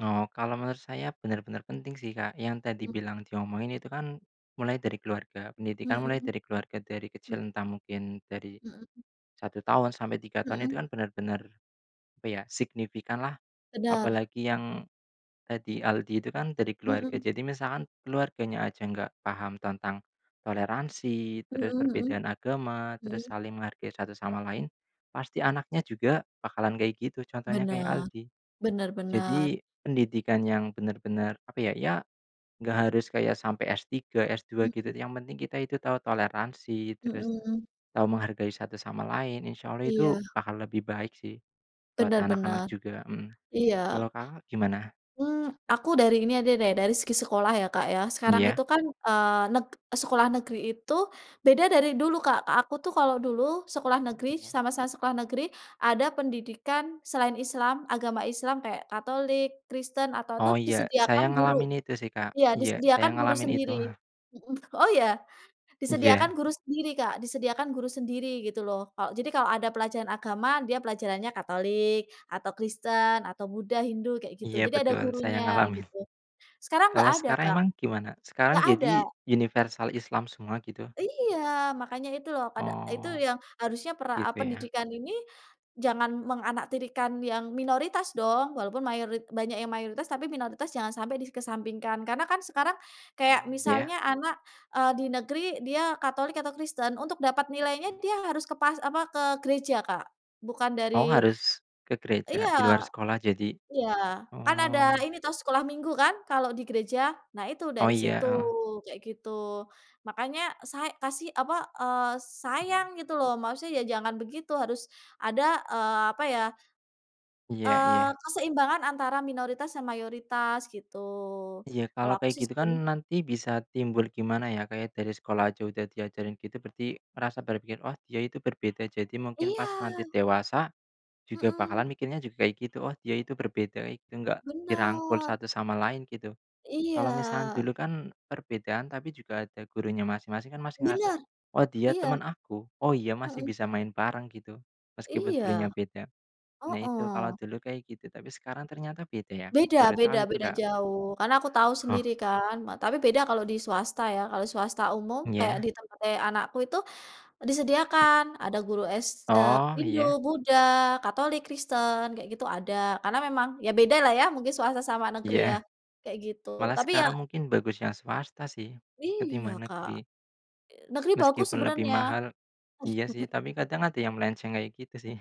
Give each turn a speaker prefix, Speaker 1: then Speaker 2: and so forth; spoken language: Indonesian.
Speaker 1: Oh, kalau menurut saya benar-benar penting sih, Kak. Yang tadi
Speaker 2: Mmm.
Speaker 1: bilang diomongin itu kan, mulai dari keluarga pendidikan mulai
Speaker 2: Mhm.
Speaker 1: dari keluarga, dari
Speaker 2: Mhm.
Speaker 1: kecil entah mungkin dari
Speaker 2: Mhm.
Speaker 1: 1 tahun sampai 3 tahun
Speaker 2: Mhm.
Speaker 1: itu kan benar-benar, apa ya, signifikanlah.
Speaker 2: Benar.
Speaker 1: Apalagi yang, tadi Aldi itu kan, dari keluarga,
Speaker 2: Mhm.
Speaker 1: jadi misalkan keluarganya aja nggak paham tentang toleransi,
Speaker 2: Mhm
Speaker 1: terus
Speaker 2: mhm.
Speaker 1: perbedaan agama, terus
Speaker 2: Mhm.
Speaker 1: saling menghargai satu sama lain, pasti anaknya juga bakalan kayak gitu, contohnya kayak
Speaker 2: Benar.
Speaker 1: Aldi.
Speaker 2: Benar benar.
Speaker 1: Jadi pendidikan yang benar-benar, apa ya, ya nggak harus kayak sampai S-3, S-2 gitu,
Speaker 2: Mhm.
Speaker 1: yang penting kita itu tahu toleransi,
Speaker 2: Mhm
Speaker 1: terus
Speaker 2: mhm.
Speaker 1: tahu menghargai satu sama lain, insyaallah itu
Speaker 2: Iya.
Speaker 1: akan lebih baik sih, buat
Speaker 2: Benar
Speaker 1: anak-anak
Speaker 2: benar.
Speaker 1: juga. Mhm. Kalau
Speaker 2: Iya.
Speaker 1: Kakak gimana?
Speaker 2: Mmm, aku dari ini aja deh, dari segi sekolah ya, Kak, ya, sekarang
Speaker 1: Ya.
Speaker 2: itu kan, eee, neg sekolah negeri itu beda dari dulu Kak, aku tuh kalau dulu sekolah negeri,
Speaker 1: Mhm.
Speaker 2: sama-sama sekolah negeri, ada pendidikan selain Islam agama Islam, kayak Katolik, Kristen, atau
Speaker 1: Oh
Speaker 2: tuh
Speaker 1: iya, saya
Speaker 2: disediakan guru.
Speaker 1: ngalamin itu sih Kak.
Speaker 2: Iya
Speaker 1: Iya saya
Speaker 2: disediakan guru
Speaker 1: ngalamin itu.
Speaker 2: sendiri. Mhm oh ya? Disediakan
Speaker 1: Iya.
Speaker 2: guru sendiri Kak, disediakan guru sendiri, gitu loh. Kalo jadi kalau ada pelajaran agama, dia pelajarannya Katolik, atau Kristen, atau Buddha, Hindu, kayak gitu,
Speaker 1: Iya
Speaker 2: jadi ada
Speaker 1: betul, saya
Speaker 2: gurunya
Speaker 1: ngalamin.
Speaker 2: gitu. Sekarang nggak
Speaker 1: Kalau
Speaker 2: ada
Speaker 1: sekarang
Speaker 2: Kak,
Speaker 1: emang gimana? Sekarang
Speaker 2: nggak ada.
Speaker 1: jadi universal Islam semua gitu?
Speaker 2: Iya. Makanya itu loh pada, eee, itu
Speaker 1: Oh.
Speaker 2: yang harusnya pera eee,
Speaker 1: Gitu ya.
Speaker 2: pendidikan ini jangan menganaktirikan yang minoritas dong, walaupun mayorit banyak yang mayoritas, tapi minoritas jangan sampai dikesampingkan. Karena kan sekarang,
Speaker 1: Mmm,
Speaker 2: kayak
Speaker 1: ya.
Speaker 2: misalnya anak, eee, di negeri, dia Katolik atau Kristen untuk dapat nilainya
Speaker 1: Mmm.
Speaker 2: dia harus ke pas apa, ke gereja Kak, bukan
Speaker 1: Oh
Speaker 2: dari
Speaker 1: harus ke gereja, di luar
Speaker 2: iya.
Speaker 1: sekolah jadi
Speaker 2: Iya, kan ada
Speaker 1: oh.
Speaker 2: ini toh, sekolah minggu kan, kalau di gereja, nah itu
Speaker 1: Oh,
Speaker 2: dari
Speaker 1: iya,
Speaker 2: situ,
Speaker 1: heeh.
Speaker 2: kayak gitu. Makanya say kasih, apa, eee,
Speaker 1: Oh.
Speaker 2: sayang gitu loh, maksudnya ya jangan begitu, harus ada, eee, apa ya,
Speaker 1: Iya
Speaker 2: eee,
Speaker 1: iya.
Speaker 2: keseimbangan antara minoritas dan mayoritas, gitu.
Speaker 1: Iya,
Speaker 2: Kalau
Speaker 1: kalau
Speaker 2: aku
Speaker 1: kayak
Speaker 2: sih
Speaker 1: gitu kan,
Speaker 2: seben.
Speaker 1: nanti bisa timbul gimana ya, kayak dari sekolah aja udah diajarin gitu berarti rasa berpikir, "Oh dia itu berbeda," jadi mungkin pas
Speaker 2: Iya.
Speaker 1: nanti dewasa, juga
Speaker 2: Mhm.
Speaker 1: bakalan mikirnya juga kayak gitu, "Oh dia itu berbeda, itu enggak dirangkul
Speaker 2: Benar.
Speaker 1: satu sama lain," gitu. Kalau misal
Speaker 2: Iya.
Speaker 1: dulu kan, perbedaan tapi juga ada gurunya masing-masing, kan masih ngerasa,
Speaker 2: Benar,
Speaker 1: "Oh dia
Speaker 2: iya.
Speaker 1: teman aku. Oh iya masih
Speaker 2: Mhm.
Speaker 1: bisa main bareng," gitu. Meskipun
Speaker 2: Iya.
Speaker 1: gurunya beda. Nah itu, kalau
Speaker 2: Heeh.
Speaker 1: dulu kayak gitu, tapi sekarang ternyata beda ya,
Speaker 2: Beda
Speaker 1: baru
Speaker 2: beda
Speaker 1: tahu itu
Speaker 2: beda
Speaker 1: Kak.
Speaker 2: jauh, karena aku tahu
Speaker 1: Oh.
Speaker 2: sendiri kan ma tapi beda kalau di swasta ya, kalau swasta umum kayak
Speaker 1: Iya.
Speaker 2: di tempat eee anakku itu,
Speaker 1: Mmm.
Speaker 2: disediakan ada guru s eee,
Speaker 1: Oh,
Speaker 2: Hindu,
Speaker 1: iya.
Speaker 2: Buddha, Katolik, Kristen, kayak gitu ada, karena memang ya beda lah ya, mungkin swasta sama negeri ya,
Speaker 1: Iya.
Speaker 2: kayak gitu,
Speaker 1: Malah
Speaker 2: tapi ya.
Speaker 1: sekarang mungkin bagus yang swasta sih,
Speaker 2: Iya
Speaker 1: ketimbang
Speaker 2: Kak.
Speaker 1: negeri.
Speaker 2: Negeri bagus
Speaker 1: Meskipun lebih
Speaker 2: sebenarnya.
Speaker 1: mahal. Iya sih, tapi kadang ada yang melenceng kayak gitu sih.